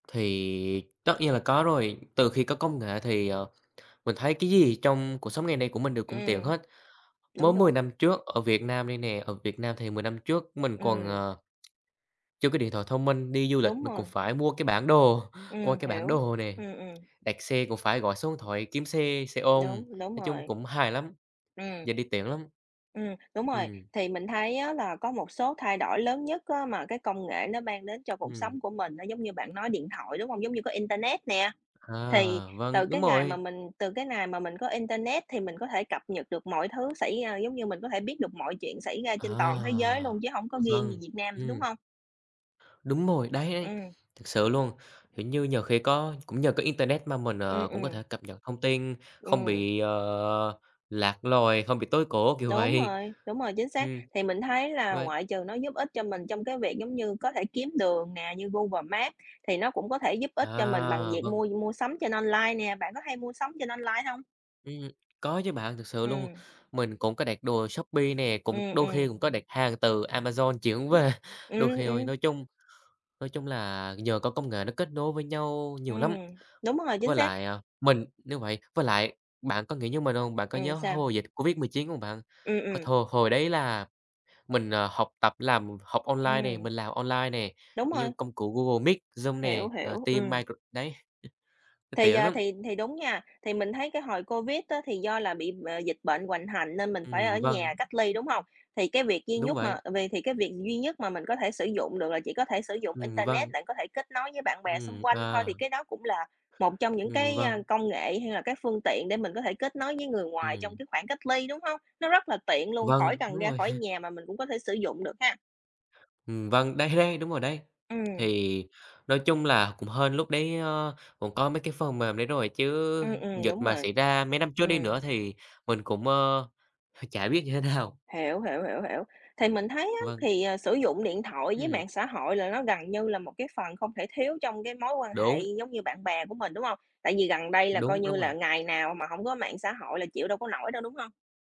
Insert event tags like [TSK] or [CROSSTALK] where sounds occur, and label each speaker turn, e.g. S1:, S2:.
S1: Thì tất nhiên là có rồi. Từ khi có công nghệ thì, ờ, mình thấy cái gì trong cuộc sống ngày nay của mình đều cũng tiện
S2: Ừm.
S1: hết.
S2: Đúng,
S1: Mới 10
S2: đúng.
S1: năm trước ở Việt Nam đây nè, ở Việt Nam thì 10 năm trước mình còn,
S2: Ừm.
S1: ờ, [TSK] chưa có điện thoại thông minh, đi du lịch
S2: Đúng
S1: mình còn
S2: rồi, ừm.
S1: phải mua cái bản đồ, [CHUCKLES] coi
S2: Ừm,
S1: cái bản
S2: hiểu.
S1: đồ nè,
S2: Ừm, ừm.
S1: đặt xe cũng phải gọi số điện thoại kiếm xe, xe ôm,
S2: Đúng, đúng
S1: nói chung
S2: rồi.
S1: cũng hài lắm,
S2: Ừm.
S1: giờ đi tiện lắm.
S2: Ừm, đúng rồi.
S1: Ừm.
S2: Thì mình thấy á, là có một số thay đổi lớn nhất á, mà cái công nghệ nó mang đến cho cuộc
S1: Ừm.
S2: sống của mình á, giống như bạn nói điện thoại, đúng hông? Giống như có internet nè. Thì
S1: À, vâng,
S2: từ
S1: đúng
S2: cái ngày mà
S1: rồi.
S2: mình từ cái nài mà mình có internet thì mình có thể cập nhật được mọi thứ xảy ra, giống như mình có thể biết được mọi chuyện xảy ra
S1: À,
S2: trên toàn thế giới luôn, chứ hông có
S1: ụ,
S2: riêng gì
S1: vâng,
S2: Việt Nam nữa, đúng
S1: ừm.
S2: hông?
S1: Đúng rồi, đấy, đấy,
S2: Ừm.
S1: thật sự luôn. Hiểu như, nhiều khi có cũng nhờ có internet mà mình,
S2: Ừm,
S1: ờ, cũng có
S2: ừm.
S1: thể cập nhật thông tin, không
S2: Ừm.
S1: bị, ờ, lạc loài, không bị tối cổ, kiểu
S2: Đúng
S1: vậy.
S2: rồi, đúng rồi, chính xác.
S1: Ừm,
S2: Thì mình thấy là
S1: với
S2: ngoại trừ nó giúp ích cho mình trong cái việc giống như có thể kiếm đường nè, như Google Maps thì nó cũng có thể giúp ích cho mình bằng
S1: À,
S2: việc
S1: vâng.
S2: mua mua sắm trên online nè. Bạn có hay mua sắm trên online hông?
S1: Ừm, có chứ bạn, thực sự luôn.
S2: Ừm.
S1: Mình cũng có đặt đồ Shopee nè, cũng
S2: Ừm,
S1: đôi khi
S2: ừm.
S1: cũng có đặt hàng từ Amazon chuyển về,
S2: [UNINTELLIGIBLE]
S1: đôi
S2: Ừm,
S1: khi thôi.
S2: ừm.
S1: Nói chung nói chung là nhờ có công nghệ nó kết nối với nhau nhiều lắm.
S2: Ừm, đúng rồi, chính
S1: Với
S2: xác.
S1: lại, ờ, mình nếu vậy với lại, bạn có nghĩ như mình hông? Bạn có
S2: Ừm,
S1: nhớ
S2: sao?
S1: hồi dịch COVID-19 hông bạn?
S2: Ừm,
S1: Hồi
S2: ừm.
S1: thồ hồi đấy là mình, ờ, học tập, làm học online nè,
S2: Ừm.
S1: mình làm online nè,
S2: Đúng
S1: kiểu như,
S2: rồi.
S1: công cụ Google Meet, Zoom nè,
S2: Hiểu,
S1: rồi
S2: hiểu,
S1: Teams
S2: ừm.
S1: Micro đấy, nó
S2: Thì,
S1: tiện
S2: ờ,
S1: lắm.
S2: thì thì đúng nha. Thì mình thấy cái hồi COVID á, thì do là bị b dịch bệnh hoành hành nên mình phải ở
S1: Ừm, vâng.
S2: nhà cách ly, đúng hông? Thì cái việc duy
S1: Đúng
S2: nhất
S1: vậy.
S2: mà vì thì cái việc duy nhất mà mình có thể sử dụng được là chỉ có thể sử dụng
S1: Ừm,
S2: internet
S1: vâng.
S2: đặng có thể kết nối với bạn bè xung
S1: Ừm,
S2: quanh thôi,
S1: à.
S2: thì cái đó cũng là một trong những
S1: Ừm,
S2: cái,
S1: vâng.
S2: ơ, công nghệ hay là cái phương tiện để mình có thể kết nối với người ngoài trong
S1: Ừm.
S2: cái khoảng cách ly, đúng hông? Nó rất là tiện luôn,
S1: Vâng,
S2: khỏi cần
S1: đúng
S2: ra
S1: rồi.
S2: khỏi
S1: [CHUCKLES]
S2: nhà mà mình cũng có thể sử dụng được ha.
S1: Ừm, vâng, đấy, đấy, đúng rồi đấy.
S2: Ừm.
S1: Thì nói chung là cũng hên lúc đấy, ờ, cũng có mấy cái phần mềm đấy rồi chứ
S2: Ừm, ừm,
S1: dịch
S2: đúng
S1: mà
S2: rồi.
S1: xảy ra mấy năm trước đi nữa
S2: Ừm.
S1: thì mình cũng, ờ, [CHUCKLES] chả biết như thế nào.
S2: Hiểu, hiểu, hiểu, hiểu. Thì mình thấy á,
S1: Vâng.
S2: thì, ờ, sử dụng điện thoại với
S1: Ừm.
S2: mạng xã hội là nó gần như là một cái phần không thể thiếu trong cái mối quan hệ
S1: Đúng.
S2: giống như bạn bè của mình, đúng hông? Tại vì gần đây là
S1: Đúng,
S2: coi
S1: đúng
S2: như
S1: rồi.
S2: là ngày nào mà hổng có mạng xã hội là chịu đâu có nổi đâu, đúng hông?